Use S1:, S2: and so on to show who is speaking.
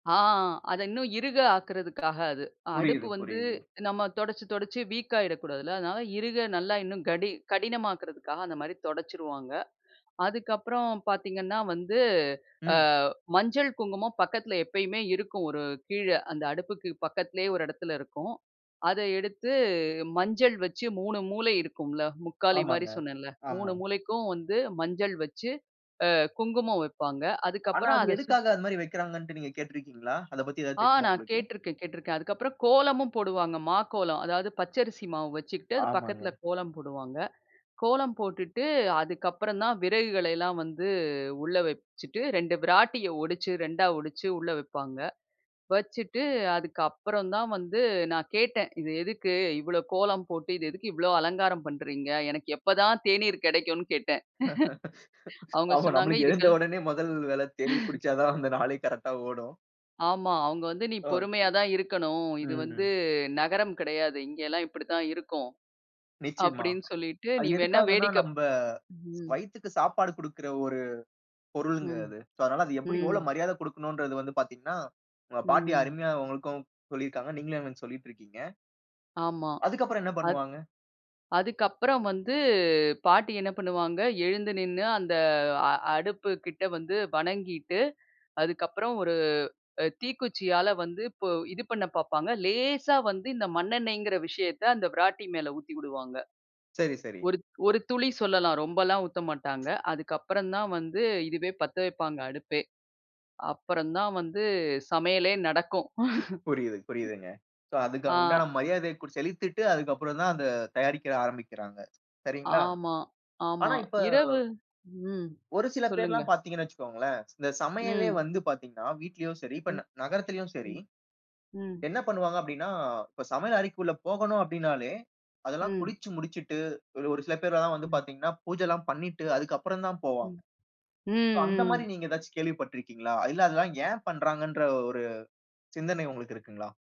S1: ஆ, அத இன்னும் இருக ஆக்குறதுக்காக அது. அடுப்பு
S2: புரியுது,
S1: வந்து
S2: புரியுது.
S1: நம்ம துடைச்சி, துடைச்சி வீக்காயிடக்கூடாதுல்ல அதனால இருக நல்லா இன்னும் கடி கடினமாக்குறதுக்காக அந்த மாரி துடைச்சிருவாங்க. அதுக்கப்புறம் பார்த்தீங்கன்னா வந்து அ
S2: ம்.
S1: மஞ்சள், குங்குமம் பக்கத்தில எப்பயுமே இருக்கும் ஒரு கீழ. அந்த அடுப்புக்கு பக்கத்திலேயே ஒரு இடத்துல இருக்கும். அத எடுத்து மஞ்சள் வச்சு 3 மூளை இருக்கும்ல முக்காலி மாரி
S2: ஆமாங்க,
S1: சொன்னேல 3
S2: ஆமா.
S1: மூளைக்கும் வந்து மஞ்சள் வச்சு அ குங்குமம் வைப்பாங்க.
S2: ஆனா,
S1: அதுக்கப்புறம்
S2: அது
S1: அத சுத்
S2: எதுக்காக அந்த மாரி வைக்கிறாங்கன்ட்டு நீங்க கேட்டுருக்கிங்களா? அத பத்தி எதாவது
S1: ஆ
S2: தெரியுமா
S1: நான்
S2: உங்களுக்கு?
S1: கேட்டுருக்கேன், கேட்டுருக்கேன். அதுக்கப்புறம் கோலமும் போடுவாங்க மாக்கோலம் அதாவது பச்ச அரிசி மாவு வச்சுக்கிட்டு அது பக்கத்தில
S2: ஆமாங்க.
S1: கோலம் போடுவாங்க. கோலம் போட்டுட்டு அதுக்கப்புறம் தான் விறகுகள எல்லாம் வந்து உள்ள வச்சுட்டு 2 விராட்டியை ஒடிச்சு 2 ஆ ஒடிச்ச உள்ள வைப்பாங்க. வச்சுட்டு அதுக்கு அப்புறம் தான் வந்து நான் கேட்டேன் "இது எதுக்கு இவ்வளோ கோலம் போட்டு இது எதுக்கு இவ்வளோ அலங்காரம் பண்றீங்க எனக்கு எப்ப தான் தேநீர் கிடைக்கும்னு?" கேட்டேன். அவங்க
S2: ஆமா,
S1: சொன்னாங்க
S2: நம்மளுக்கு
S1: இதுக்
S2: எழுந்த
S1: கல்
S2: உடனே முதல் வேல தேநீர் குடிச்சா தான் அந்த நாளே கரெக்ட்டா ஓடும்.
S1: ஆமா, அவங்க வந்து "நீ பொறுமையா
S2: ஒகே.
S1: தான் இருக்கணும். இது வந்து
S2: ம்.
S1: நகரம் கிடையாது. இங்கெல்லாம் இப்டி தான் இருக்கும்."
S2: நிச்சியமா.
S1: அப்டின்னு சொல்லிட்டு
S2: அது
S1: "நீ வேணா
S2: எதுக்காகன்னா,
S1: வேடிக்கப்
S2: நம்ப
S1: ம்."
S2: வயித்துக்கு சாப்பாடு குடுக்குற ஒரு பொருள்ங்க
S1: ம்,
S2: அது. சோ அதனால அது எப்டி எவ்வளோ
S1: ம்.
S2: மரியாத குடுக்கணும்ன்றது வந்து பார்த்தீங்கன்னா, உங்க பாட்டி
S1: ம்.
S2: அருமையா உங்களுக்கும் சொல்லியிருக்காங்க. நீங்களும் எனக்கு சொல்லிட்டு இருக்கிங்க.
S1: ஆமா,
S2: அதுக்கு அப்புறம் என்ன
S1: அது
S2: பண்ணுவாங்க?
S1: அதுக்கு அப்புறம் வந்து பாட்டி என்ன பண்ணுவாங்க எழுந்து நின்னு அந்த அ அடுப்பு கிட்ட வந்து வணங்கிட்டு அதுக்கு அப்புறம் ஒரு அ தீக்குச்சியால வந்து இது பண்ண பார்ப்பாங்க. லேசா வந்து இந்த மண்ணெண்ணெய்ங்குற விஷயத்த அந்த விராட்டி மேல ஊத்தி வுடுவாங்க.
S2: சரி, சரி.
S1: ஒரு, ஒரு துளி சொல்லலாம் ரொம்பலாம் ஊத்த மாட்டாங்க. அதுக்கு அப்புறம் தான் வந்து இதுவே பத்த வைப்பாங்க அடுப்பே. அப்பறம் தான் வந்து சமையலே நடக்கும்.
S2: புரியுது, புரியுதுங்க. சோ அதுக்கு
S1: ஆ.
S2: உண்டான மரியாதைய செலுத்திட்டு அதுக்கு அப்புறம் தான் அத தயாரிக்க ஆரம்பிக்கிறாங்க. சரிங்களா?
S1: ஆமா,
S2: ஆனா
S1: ஆமா.
S2: இப்ப
S1: இரவு ம்.
S2: ஒரு சில
S1: சொல்லுங்க.
S2: பேர்ல்லாம் பார்த்தீங்கன்னா வச்சுக்கோங்களேன். இந்த சமையலே
S1: ம்.
S2: வந்து பார்த்தீங்கன்னா, வீட்டிலயும் சரி இப்ப
S1: ம்,
S2: நகரத்திலும் சரி.
S1: ம், ம்.
S2: என்ன பண்ணுவாங்க அப்டின்னா, இப்ப சமையல் அறைக்குள்ள போகணும் அப்டின்னாலே அதெல்லாம்
S1: ம்.
S2: குளிச்சு முடிச்சுட்டு ஒரு ஒரு சில பேர்ல்லாம் வந்து
S1: ம்.
S2: பார்த்தீங்கன்னா, பூஜைல்லாம் பண்ணிட்டு அதுக்கு அப்புறம் தான் போவாங்க.
S1: ம், ம்,
S2: சோ அந்த மாரி
S1: ம்.
S2: நீங்க ஏதாச்சு கேள்வி பட்டுருக்கீங்களா? இல்ல அதெல்லாம் ஏன் பண்றாங்கன்ற ஒரு சிந்தனை உங்களுக்கு இருக்குங்களா?